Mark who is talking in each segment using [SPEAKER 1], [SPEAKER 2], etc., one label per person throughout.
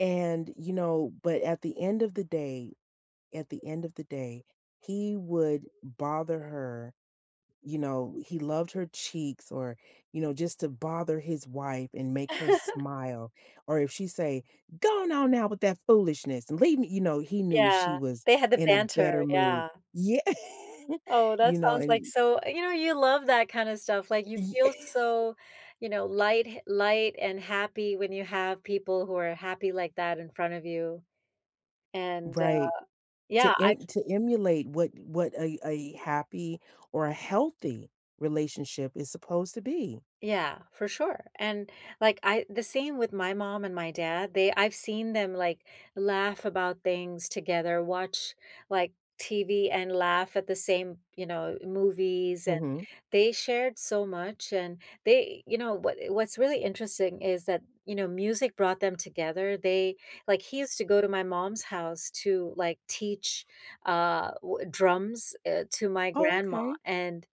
[SPEAKER 1] And, you know but at the end of the day, at the end of the day, he would bother her. You know, he loved her cheeks or, you know, just to bother his wife and make her smile, or if she say, "Go on on now with that foolishness and leave me," you know, he knew she
[SPEAKER 2] Yeah,
[SPEAKER 1] was
[SPEAKER 2] they had the
[SPEAKER 1] in a
[SPEAKER 2] banter.
[SPEAKER 1] better mood.
[SPEAKER 2] Yeah.
[SPEAKER 1] Ye
[SPEAKER 2] Oh,
[SPEAKER 1] you
[SPEAKER 2] that
[SPEAKER 1] know,
[SPEAKER 2] sounds
[SPEAKER 1] and
[SPEAKER 2] like
[SPEAKER 1] y
[SPEAKER 2] so You know, you love that kind of stuff, like, you
[SPEAKER 1] Y
[SPEAKER 2] feel so, you know, light ha light and happy when you have people who are happy like that in front of you, and, uh
[SPEAKER 1] Right,
[SPEAKER 2] Yeah
[SPEAKER 1] to
[SPEAKER 2] I've
[SPEAKER 1] em to emulate what what a a happy or healthy relationship is supposed to be.
[SPEAKER 2] Yeah, for sure, and, like, I The same with my mom and my dad, they I've seen them, like, laugh about things together, watch, like, TV and laugh at the same, you know, movies, and
[SPEAKER 1] Mhm.
[SPEAKER 2] they shared so much, and they You know, what i what's really interesting is that, you know, music brought them together, they Like, he used to go to my mom's house to, like, teach, uh, wha drums, uh, to my
[SPEAKER 1] Oh,
[SPEAKER 2] grandma,
[SPEAKER 1] okay.
[SPEAKER 2] and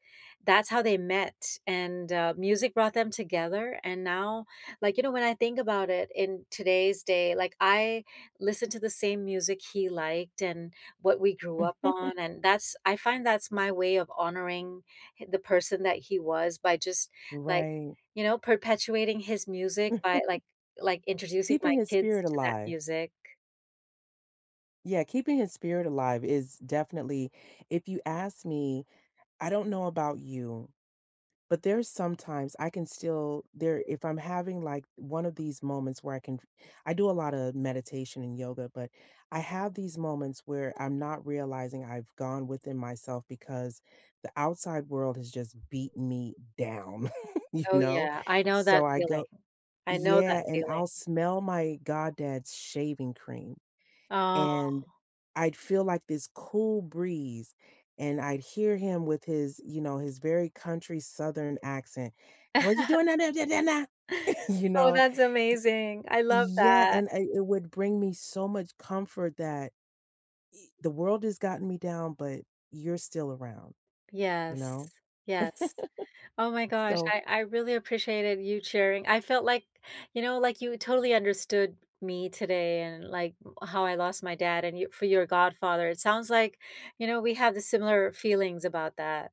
[SPEAKER 2] that's how they met, and, uh, music brought them together, and now, like, you know, when I think about it in today's day, like, I listen to the same music he liked and what we grew up on, and that's I find that's my way of honoring hi the person that he was by just, like,
[SPEAKER 1] Right.
[SPEAKER 2] you know, perpetuating his music by, like like, introducing my
[SPEAKER 1] Keeping his
[SPEAKER 2] kids
[SPEAKER 1] spirit
[SPEAKER 2] to that
[SPEAKER 1] alive.
[SPEAKER 2] music.
[SPEAKER 1] Yeah, keeping his spirit alive is definitely If you ask me, I don't know about you, but there's some times I can still there if I'm having, like, one of these moments where I can f I do a lot of meditation and yoga, but I have these moments where I'm not realizing I've gone within myself because the outside world has just beaten me down, you
[SPEAKER 2] Oh,
[SPEAKER 1] know?
[SPEAKER 2] yeah, I know
[SPEAKER 1] So,
[SPEAKER 2] that
[SPEAKER 1] I
[SPEAKER 2] feeling,
[SPEAKER 1] go
[SPEAKER 2] I know
[SPEAKER 1] Yeah,
[SPEAKER 2] that
[SPEAKER 1] and
[SPEAKER 2] feeling.
[SPEAKER 1] I'll smell my goddad's shaving cream,
[SPEAKER 2] Oh.
[SPEAKER 1] and I'd feel like this cool breeze, and I'd hear him with his you know, his very country Southern accent, "What you doing down down there there now?" you
[SPEAKER 2] Oh,
[SPEAKER 1] know?
[SPEAKER 2] that's amazing, I
[SPEAKER 1] He
[SPEAKER 2] love
[SPEAKER 1] Yeah,
[SPEAKER 2] that.
[SPEAKER 1] and I it would bring me so much comfort that the world has gotten me down, but you're still around, you
[SPEAKER 2] Yes,
[SPEAKER 1] know?
[SPEAKER 2] yes. Oh my gosh,
[SPEAKER 1] So
[SPEAKER 2] I I really appreciated you sharing I felt like, you know, like, you totally understood me today and, like, uh, how I lost my dad, and you for your godfather. It sounds like, you know, we had the similar feelings about that.